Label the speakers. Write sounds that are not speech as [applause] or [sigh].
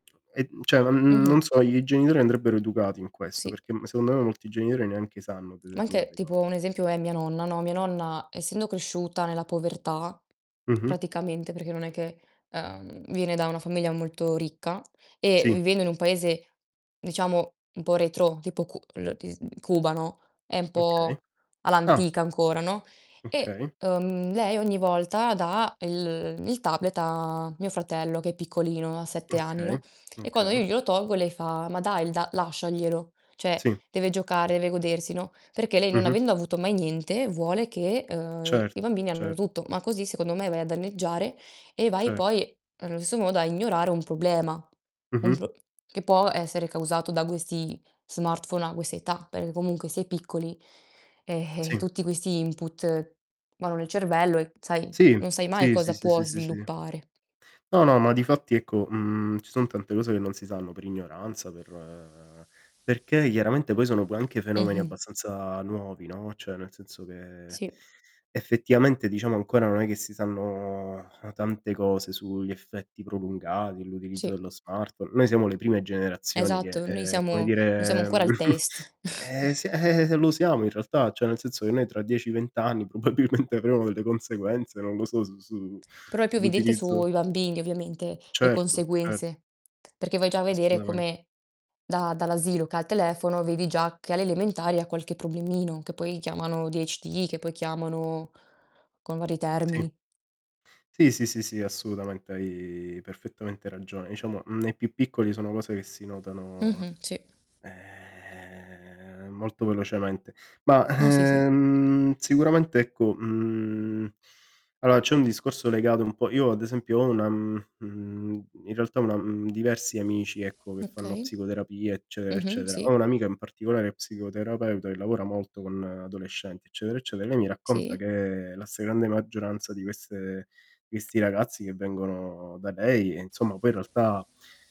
Speaker 1: E, mhmm, cioè, n n non
Speaker 2: Mh-mh.
Speaker 1: so, i genitori andrebbero educati in questo,
Speaker 2: Sì.
Speaker 1: perché m secondo me molti genitori neanche sanno
Speaker 2: Ma anche
Speaker 1: determinate cose.
Speaker 2: tipo un esempio è mia nonna, no, mia nonna essendo cresciuta nella povertà
Speaker 1: Mh-mh.
Speaker 2: praticamente perché non è che, ehm, viene da una famiglia molto ricca e
Speaker 1: Sì.
Speaker 2: vivendo in un paese diciamo un po' retrò tipo cu lo ti s Cuba, no, è 'n
Speaker 1: Okay.
Speaker 2: po'
Speaker 1: Ah.
Speaker 2: all'antica ancora, no, e,
Speaker 1: Okay.
Speaker 2: uhm, lei ogni volta dà el il tablet a mio fratello che è piccolino, ha 7 anni,
Speaker 1: Okay,
Speaker 2: no, e quando
Speaker 1: okay.
Speaker 2: io glielo tolgo lei fa: "Ma dai, l da lasciaglielo, cioè
Speaker 1: Sì.
Speaker 2: deve giocare, deve godersi" no, perché lei non
Speaker 1: Mh-mh.
Speaker 2: avendo avuto mai niente vuole che, uhm,
Speaker 1: Certo,
Speaker 2: i bambini abbiano
Speaker 1: cer
Speaker 2: tutto, ma così secondo me vai a danneggiare e vai
Speaker 1: Cer
Speaker 2: poi, allo stesso modo, a ignorare un problema, un
Speaker 1: Mh-mh.
Speaker 2: pro che può essere causato da questi smartphone a quest' età, perché comunque si è piccoli, e e,
Speaker 1: Sì.
Speaker 2: tutti questi input vanno nel cervello e, sai,
Speaker 1: Sì.
Speaker 2: non sai mai
Speaker 1: Sì, sì,
Speaker 2: cosa
Speaker 1: sì,
Speaker 2: può
Speaker 1: sì, sì, sì.
Speaker 2: sviluppare.
Speaker 1: No, no, ma difatti ecco, mhmm, ci son tante cose che non si sanno per ignoranza, per perché chiaramente poi sono poi anche fenomeni
Speaker 2: Mh-mh.
Speaker 1: abbastanza nuovi, no, cioè nel senso che
Speaker 2: Sì.
Speaker 1: [inhales] effettivamente, diciamo, ancora non è che si sanno, uhm, tante cose sugli effetti prolungati, l'utilizzo
Speaker 2: Sì.
Speaker 1: dello smartphone noi siamo le prime generazioni che,
Speaker 2: Esatto, noi
Speaker 1: uhm, come
Speaker 2: siamo noi siamo
Speaker 1: dire,
Speaker 2: ancora
Speaker 1: mhmm,
Speaker 2: il
Speaker 1: [chuckles]
Speaker 2: test.
Speaker 1: ehm,
Speaker 2: [chuckles]
Speaker 1: si [chuckles] lo siamo in realtà, cioè nel senso che noi tra 10, 20 anni probabilmente avremo delle conseguenze, non lo so, s su
Speaker 2: Però è più evidente
Speaker 1: sull'utilizzo
Speaker 2: sui bambini ovviamente, le
Speaker 1: Certo, cer
Speaker 2: conseguenze, perché vai già a vedere
Speaker 1: Assolutamen
Speaker 2: come da dall'asilo che ha il telefono, vedi già che alle elementari ha qualche problemino che poi chiamano ADHD, che poi chiamano [inhales] con vari
Speaker 1: Sì.
Speaker 2: termini.
Speaker 1: Sì, sì, sì, sì, assolutamente, hai perfettamente ragione. Diciamo, mhmm, nei più piccoli sono cose che si notano,
Speaker 2: Mh-mh. Sì.
Speaker 1: ehm, molto velocemente. Ma,
Speaker 2: No, sì, sì.
Speaker 1: ehm, sicuramente, ecco mhmm, allora c'è un discorso legato un po' io ad esempio ho una mhmm, mhmm, in realtà una mhmm, diversi amici, ecco, che fanno
Speaker 2: Okay.
Speaker 1: psicoterapia eccetera,
Speaker 2: Mh-mh,
Speaker 1: eccetera.
Speaker 2: sì.
Speaker 1: Ho 1 amica in particolare psicoterapeuta che lavora molto con adolescenti eccetera, eccetera. E lei mi racconta
Speaker 2: Sì.
Speaker 1: che la stragrande maggioranza di queste questi ragazzi che vengono da lei, e insomma, poi in realtà